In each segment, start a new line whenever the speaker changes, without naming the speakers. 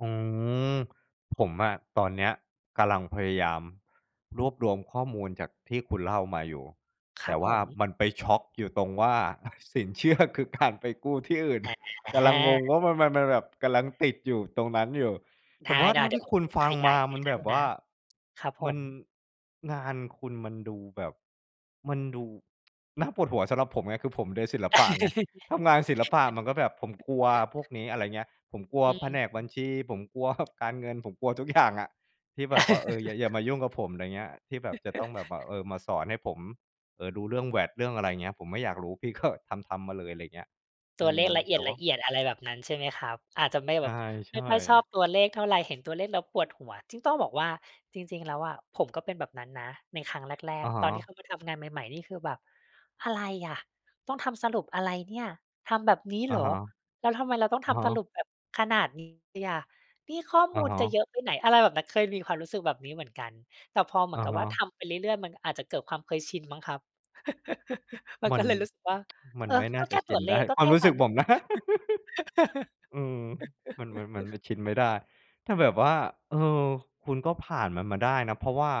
อืม ผมอะตอนเนี้ยกำลังพยายามรวบรวมข้อมูลจากที่คุณเล่ามาอยู่
ค
แต
รั
่
บ
ว
ผ
่า
ม
มันไปช็อกอยู่ตรงว่า สินเชื่อคือการไปกู้ที่อื่น
แฮ่
ก
แห
ำลัง
้
งงว่ามัน มัน มันแบบ กำลังติดอยู่ตรงนั้นอยู่
ไ
แต
ด
่
้
ว่าเท่า
ๆ เดี
ท
๋ย
ี่
วผ
ค
ม
ุณ
กด
ฟั
ข
ง
ย
ม
าย
า
ให
ม
้
ัน
ได้
แบบว
น
่
ะ
า
ครับผ
มัน
ม
งานคุณมันดูแบบ มันดู น่าปวดหัวสำหรับผมไง คือผมโดยศิลปะไง ทำงานศิลปะมันก็แบบผมกลัวพวกนี้ อะไรอย่างเงี้ย ผมกลัว
อื
แผนกบั
ม
ญชี ผมกลัว การเงิน ผมกลัว ทุกอย่างอะ ที่แบบว่า เออ อย่า อย่ามายุ่งกับผม อะไรอย่างเงี้ย ที่แบบจะต้องแบบว่า เออ มาสอนให้ผม เออ ดูเรื่อง VAT เรื่อง อะไรอย่างเงี้ย ผมไม่อยากรู้ พี่ ก็ ทำ ๆ มาเลย อะไรอย่างเงี้ย
ต
อ
ั
ื
วเล
ม
ขละเอ
แต่ว่า
ียด ๆ อะไรแบบนั้นใช่ไหมครับ? อาจจะไม่
ใ
แบบ
ช
ไม่
่
ค่อยชอ
ๆ
บตัวเลขเท่าไร เห็นตัวเลขแล้วปวดหัว จริงต้องบอกว่า จริง ๆ แล้วอะผมก็เป็นแบบนั้นนะ ในครั้งแร
อ
ก
ะฮ
ๆ ตอนที่
ะ
เข้ามาทำงานใหม่ ๆ นี่คือแบบ อะไรอะ ต้องทำสรุปอะไรเนี่ย ทำแบบนี้
อ
เ
ะ
หรอ
ฮะ
แล้วทำไมเราต้อง
อ
ท
ะฮ
ำสรุ
ะ
ปแบบขนาดนี้อะ นี่ข้อ
อ
ม
ะ
ูล
ฮ
จะเ
ะ
ยอะไปไหน? อะไรแบบนั้น เคยมีความรู้สึกแบบนี้เหมือนกัน แต่พอเหม
อ
ือ
ะ
นกับ
ฮ
ว่าท
ะ
ำไปเรื่อย ๆ มันอาจจะเกิดความเคยชินมั้งครับ มัน
มั
ก็
น
เลยรู้สึกว่า
มั
เ
น
ออ
ไม่น
ก
่า
็
จ
แค
ะ
่
ช
ตั
ิน
วเล
ได้
ข ก็
คว
แ
า
ค
ม
่
รู้
น
ส
ั
ึ
้
ก
น
ผมนะ อืม มัน มัน มัน มันชินไม่ได้ ถ้าแบบว่า เออ คุณก็ผ่านมันมาได้นะ เพราะว่า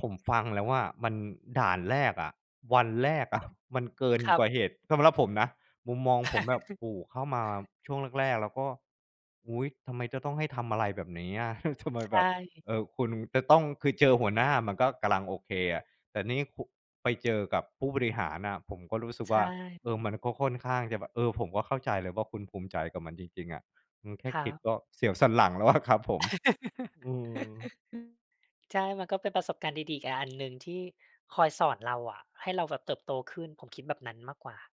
ผมฟังแล้วอะมันด่านแรกอะ วันแรก อะ มันเกิน
ครั
ก
บ
ว่าเหตุ สำหรับผมนะ มุมมองผมแบบ โอ้ เข้ามาช่วงแรก ๆ แล้วก็ อุ๊ย! ทำไมจะต้องให้ทำอะไรแบบนี้อะ เฮ้ย ทำไม
ใช
แบบ เอ่
่
อ คุณจะต้อง คือเจอหัวหน้ามันก็กำลังโอเคอะ แต่นี่คุ ไปเจอกับผู้บริหารน่ะ ผมก็รู้สึก
ใช
ว่า เออ
่
มันก็ค่อนข้างจะแบบ เออ ผมก็เข้าใจเลยว่าคุณภูมิใจกับมันจริง ๆ อะ อืม แค่
ครั
คิด
บ
ก็เสียวสันหลังแล้ว อะ ครับผม อือ
ใช่ มันก็เป็นประสบการณ์ดี ๆ อีก อ อันหนึ่งที่คอยสอนเราอะ ให้เราแบบเติบโตขึ้น ผมคิดแบบนั้นมากกว่า